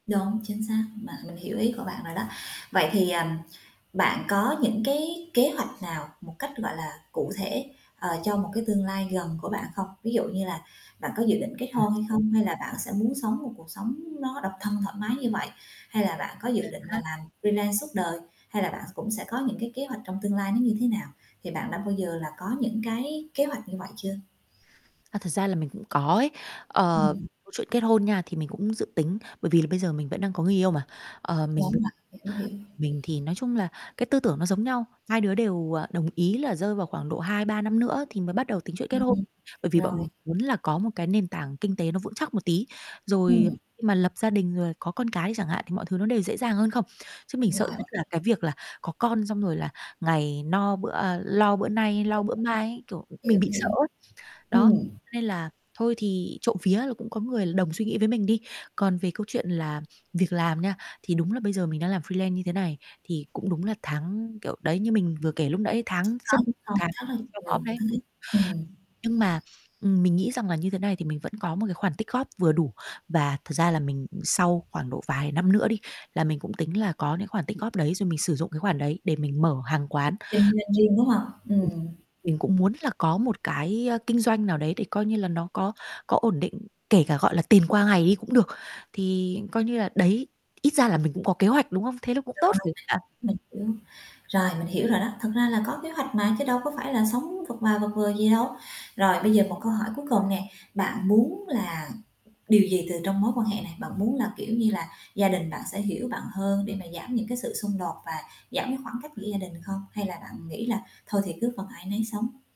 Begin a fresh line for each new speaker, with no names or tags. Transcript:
Đúng, chính xác, bạn mình hiểu ý của bạn rồi đó. Vậy thì, ờm, bạn có những cái kế hoạch nào một cách, gọi là, cụ thể, ờ, cho một cái tương lai gần của bạn không? Ví dụ như là bạn có dự định kết
À,
hôn hay
rồi.
không, hay là bạn sẽ muốn sống một cuộc sống nó độc thân thoải mái như vậy? Hay là bạn có
À
dự định là
há.
làm freelance suốt đời, hay là bạn cũng sẽ có những cái kế hoạch trong tương lai nó như thế nào? Thì bạn đã bao giờ là có những cái kế hoạch như vậy chưa?
À, thật ra là mình cũng có ấy. Ờ,
Ừm.
câu chuyện kết hôn nha, thì mình cũng dự tính, bởi vì là bây giờ mình vẫn đang có người yêu mà, ờ, mình b
Đúng vậy, hiểu, hiểu.
mình thì nói chung là cái tư tưởng nó giống nhau, hai đứa đều, ờ, đồng ý là rơi vào khoảng độ 2,3 năm nữa thì mới bắt đầu tính chuyện kết hôn.
Ừm,
Bởi vì bọn
rồi.
mình muốn là có một cái nền tảng kinh tế nó vững chắc một tí, rồi
Ừm.
khi mà lập gia đình rồi có con cái đi chẳng hạn thì mọi thứ nó đều dễ dàng hơn không. Chứ mình sợ
Rồi.
nhất
OK.
là cái việc là có con xong rồi là ngày no bữa à, lo bữa nay, lo
Đúng
bữa mai ấy, kiểu,
vậy,
mình
hiểu,
bị sợ
hiểu.
ấy, đó,
Ừm.
cho nên là thôi thì trộm vía là cũng có người đồng suy nghĩ với mình đi. Còn về câu chuyện là việc làm nha, thì đúng là bây giờ mình đang làm freelance như thế này, thì cũng đúng là tháng kiểu, đấy như mình vừa kể lúc nãy
Lúc
tháng rất
có lúc không,
tháng
rất là
treo
nhiều
mõm đấy.
thứ,
Ừm.
ừm.
Nhưng mà, ừm, mình nghĩ rằng là như thế này thì mình vẫn có một cái khoản tích góp vừa đủ, và thật ra là mình, ừm, sau khoảng độ vài năm nữa đi, là mình cũng tính là có những khoản tích góp đấy rồi mình sử dụng cái khoản đấy để mình mở hàng quán.
Kinh doanh riêng, đúng hông? Ừm.
Mình cũng muốn là có một cái, ơ, kinh doanh nào đấy để coi như là nó có có ổn định, kể cả, gọi là, tiền qua ngày đi cũng được, thì coi như là đấy, ít ra là mình cũng có kế hoạch, đúng hông? Thế nó cũng
Rồi,
tốt [unintelligible] bạn?
mình hiểu. Rồi, mình hiểu rồi đó, thật ra là có kế hoạch mà, chứ đâu có phải là sống vật và vật vờ gì đâu. Rồi bây giờ một câu hỏi cuối cùng nè, bạn muốn là điều gì từ trong mối quan hệ này? Bạn muốn là, kiểu như là, gia đình bạn sẽ hiểu bạn hơn để mà giảm những cái sự xung đột và giảm cái khoảng cách giữa gia đình không? Hay là bạn nghĩ là thôi thì cứ phần ai nấy sống?